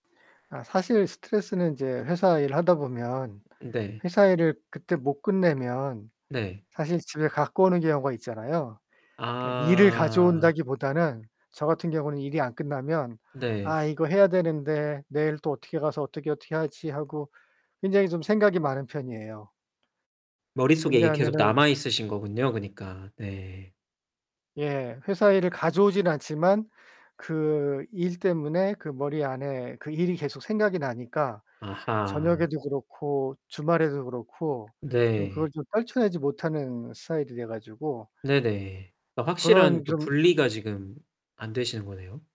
아 사실 스트레스는 인제 회사일 하다 보면 네. 회사 일을 그때 못 끝내면 네. 사실 집에 갖고 오는 경우가 있잖아요. 그러니까 일을 아. 가져온다기보다는 저 같은 경우는 일이 안 끝나면 네. '아 이거 해야 되는데 내일 또 어떻게 가서 어떻게, 어떻게 하지.' 하고 굉장히 좀 생각이 많은 편이에요. 머릿속에 이게 계속 왜냐하면은 남아있으신 거군요 그니까. 네. 예. 회사 일을 가져오진 않지만 그 일 때문에 그 머리 안에 그 일이 계속 생각이 나니까 아하. 저녁에도 그렇고 주말에도 그렇고 좀 그걸 네. 좀 떨쳐내지 못하는 스타일이 돼 가지고 네네. 막 그런 확실한 그 좀 분리가 지금 안 되시는 거네요?